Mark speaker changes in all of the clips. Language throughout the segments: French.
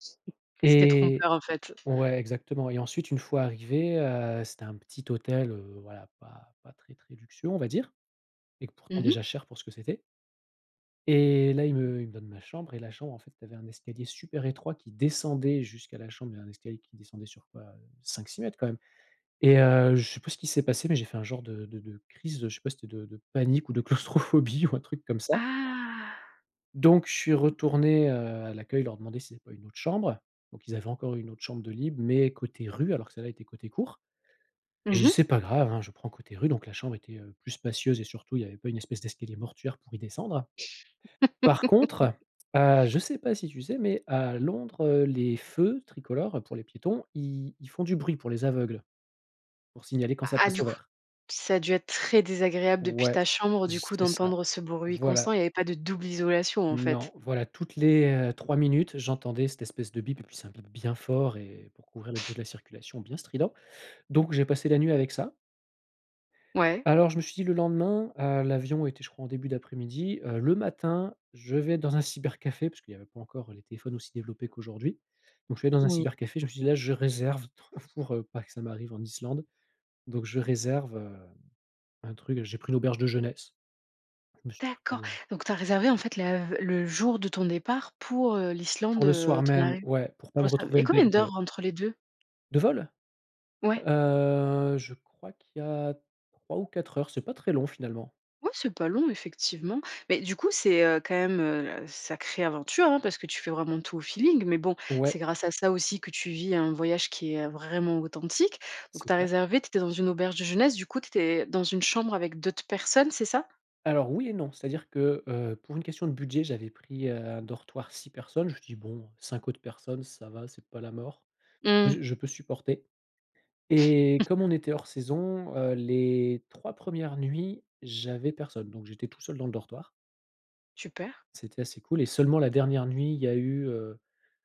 Speaker 1: C c'était
Speaker 2: Et
Speaker 1: trompeur, en fait.
Speaker 2: ouais, exactement. Et ensuite une fois arrivé, heu, c'était un petit hôtel, heu, voilà pas pas très très luxueux on va dire. Et qu pourtant
Speaker 1: Mmh mh.
Speaker 2: déjà cher pour ce que c'était. Et là ils
Speaker 1: [unintelligible]
Speaker 2: me ils me donnent ma chambre, et la chambre en fait tu avais un escalier super étroit qui descendait jusqu'à la chambre il y avait un escalier qui descendait sur quoi? Heu, 5-6 mètres quand même. Et, heu, je sais plus ce qui s'est passé, mais j'ai fait un genre de de de crise, heu, je sais pas si c'était de de de panique ou de claustrophobie ou un truc comme ça.
Speaker 1: Ah!
Speaker 2: Donc je suis retourné, heu, à l'accueil leur demander s'ils avaient pas une autre chambre. Donc ils avaient encore une autre chambre de libre, mais côté rue, alors que celle là était côté cour. Et je
Speaker 1: Mmh
Speaker 2: dis:
Speaker 1: mh.
Speaker 2: «C’est pas grave, hein, je prends côté rue.». Donc la chambre était, heu, plus spacieuse et surtout il y avait pas une espèce d'escalier mortuaire pour y descendre. Par contre, heu, je sais pas si tu sais, mais à Londres, heu, les feux tricolores pour les piétons, i ils font du bruit pour les aveugles, pour signaler quand
Speaker 1: A
Speaker 2: ça
Speaker 1: ah,
Speaker 2: passe
Speaker 1: du
Speaker 2: au
Speaker 1: coup,
Speaker 2: vert.
Speaker 1: ça a dû être très désagréable depuis
Speaker 2: Ouais,
Speaker 1: ta chambre du
Speaker 2: z
Speaker 1: coup
Speaker 2: c'est ça.
Speaker 1: d'entendre ce bruit
Speaker 2: Voilà.
Speaker 1: constant. Il y avait pas de double isolation, en fait?
Speaker 2: Non, voilà. Toutes les, heu, 3 minutes, j'entendais cette espèce de bip, et puis c'est un bip bien fort, et pour couvrir le bruit de la circulation bien strident. Donc j'ai passé la nuit avec ça.
Speaker 1: Ouais.
Speaker 2: Alors je me suis dit, le lendemain- heu, l'avion était je crois en début d'après-midi- heu: «Le matin je vais dans un cybercafé» parce qu'il y avait pas encore les téléphones aussi développés qu'aujourd'hui. Donc je suis allé dans un
Speaker 1: Oui.
Speaker 2: cybercafé, je me suis dit: «Là, je réserve [unintelligible] pour, heu, pas que ça m'arrive en Islande». Donc je réserve, heu, un truc j'ai pris l'auberge de jeunesse. Je me suis
Speaker 1: D'accord!
Speaker 2: pris, heu
Speaker 1: Donc tu as réservé en fait la v le jour de ton départ pour, heu, l'Islande,
Speaker 2: Pour le
Speaker 1: heu,
Speaker 2: soir
Speaker 1: ton
Speaker 2: même,
Speaker 1: arriv?
Speaker 2: ouais, pour pas me
Speaker 1: [unintelligible]
Speaker 2: retrouver
Speaker 1: Et
Speaker 2: le
Speaker 1: combien
Speaker 2: bec dans l'eau.
Speaker 1: d'heures entre les 2?
Speaker 2: De vol?
Speaker 1: Ouais.
Speaker 2: Heu, je crois qu'il y a 3 ou 4 heures. C’est pas très long, finalement.
Speaker 1: Ouais, c’est pas long effectivement. Mais du coup, c'est, heu, quand même, heu, sacrée aventure, hein, parce que tu fais vraiment tout au feeling. Mais bon, c'est
Speaker 2: Ouais.
Speaker 1: grâce à ça aussi que tu vis un voyage qui est vraiment authentique. Donc,
Speaker 2: C'est
Speaker 1: tu as
Speaker 2: clair.
Speaker 1: réservé, tu étais dans une auberge de jeunesse, du coup tu étais dans une chambre avec d'autres personnes, c'est ça?
Speaker 2: Alors oui et non, c'est-à-dire que, heu, pour une question de budget, j'avais pris, heu, un dortoir 6 personnes, je me suis dis: «Bon 5 autres personnes, ça va, c'est pas la mort,
Speaker 1: Mmh.
Speaker 2: ze je peux supporter.». Et comme on était hors saison, heu, les 3 premières nuits, j’avais personne, donc j'étais tout seul dans le dortoir.
Speaker 1: Super!
Speaker 2: C'était assez cool, et seulement la dernière nuit il y a eu, heu,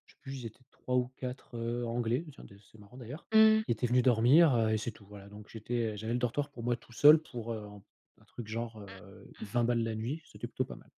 Speaker 2: je sais plus, ils étaient 3 ou 4 heu anglais, tiens des c’est marrant d'ailleurs
Speaker 1: Mmh.
Speaker 2: qui étaient venus dormir, heu et c'est tout, voilà. Donc j'étais, heu, j'avais le dortoir pour moi tout seul pour, heu, un un truc genre, heu, 20 balles la nuit. C'était plutôt pas mal.